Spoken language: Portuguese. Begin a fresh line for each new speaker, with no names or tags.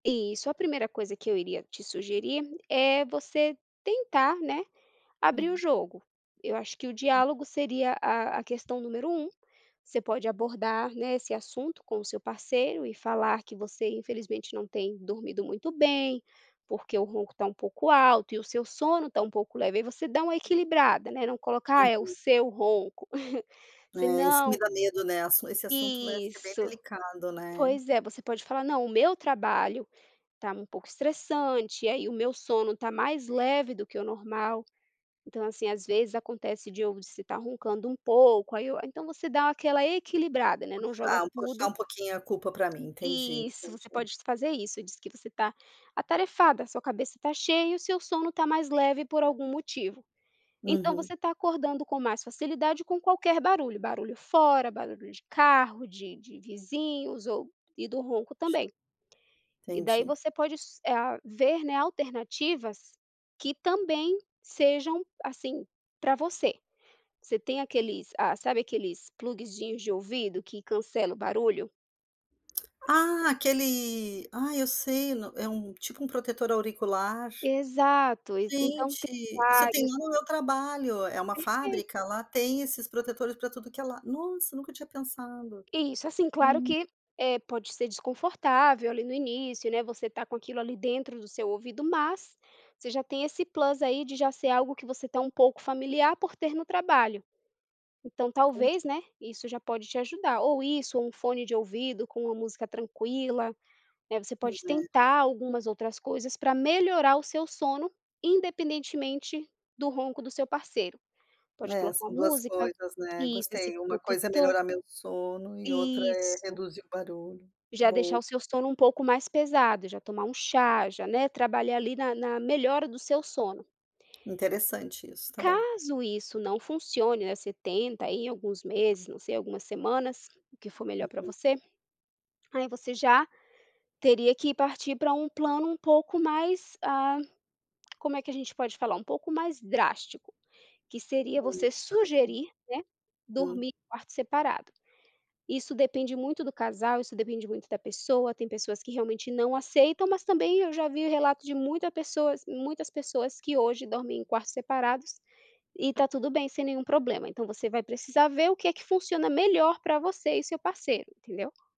Isso, a primeira coisa que eu iria te sugerir é você tentar, né, abrir o
[unintelligible]
jogo. Eu acho que o diálogo seria a a questão número um, você pode abordar, né, esse assunto com o seu parceiro e falar que você infelizmente não tem dormido muito bem, porque o ronco tá um pouco alto e o seu sono está um pouco leve, aí você dá uma equilibrada, né, não colocar é o
[unintelligible]
seu ronco.
É isso que me
Senão
dá medo, né. Esse assunto vai ser bem
isso.
delicado, né.
Pois é, você pode falar não, o meu trabalho tá um pouco estressante, aí o meu sono tá mais leve do que o normal. Então assim às vezes acontece de estar roncando um pouco, aí eu então você dá aquela equilibrada, né, não joga
Puxar, puxar
tudo
um pouquinho a culpa pra mim, entendi,
Isso, você
entendi.
pode fazer isso, diz que você tá atarefada, sua cabeça tá cheia e o seu sono está mais leve por algum motivo. Então
Uhum.
você tá acordando com mais facilidade com qualquer barulho, barulho fora, barulho de carro, de de vizinhos ou e do ronco também. E daí
Entendi.
você pode s a ver, né, alternativas que também sejam assim pra você. Você tem aqueles, ah, sabe aqueles plugezinhos de ouvido que cancela o barulho?
Ah, aquele ai eu sei, n é um tipo um protetor auricular.
Exato, então tem
Gente, isso eu tenho
vários.
lá no meu trabalho, é uma fábrica,
Perfeito.
lá tem esses protetores para tudo que é lado, nossa, nunca tinha pensado,
Isso assim claro
hum.
que, eh, pode ser desconfortável ali no início, né, você tá com aquilo ali dentro do seu ouvido, mas você já tem esse plus aí de já ser algo que você tá um pouco familiar por ter no trabalho. Então talvez, né,
Poxa.
isso já pode te ajudar, ou isso um fone de ouvido com uma música tranquila, né, você
Pois
pode
é.
tentar algumas outras coisas para melhorar o seu sono, independentemente do ronco do seu parceiro. Pode
É,
colocar
são
uma
duas
música
coisas, né,
isso, esse
gostei, uma coisa é
protetor
melhorar meu sono e outra é
isso.
reduzir o barulho.
Já
Bom.
deixar o seu sono um pouco mais pesado, já tomar um chá, já, né, trabalhar ali na na melhora do seu sono.
Interessante isso, está bom.
Caso isso não funcione, né, você tenta, aí em alguns meses, não sei, algumas semanas, o que for melhor para
Uhum.
você, aí você já teria que partir pra um plano um pouco mais, ah, como é que a gente pode falar? Um pouco mais drástico, que seria você
[unintelligible]
sugerir, né,
Hum.
dormir de quarto separado. Isso depende muito do casal, isso depende muito da pessoa, tem pessoas que realmente não aceitam, mas também eu já vi relato de muita pessoas muitas pessoas que hoje dormem em quartos separados e tá tudo bem sem nenhum problema, então você vai precisar ver o que é que funciona melhor para você e seu parceiro, entendeu?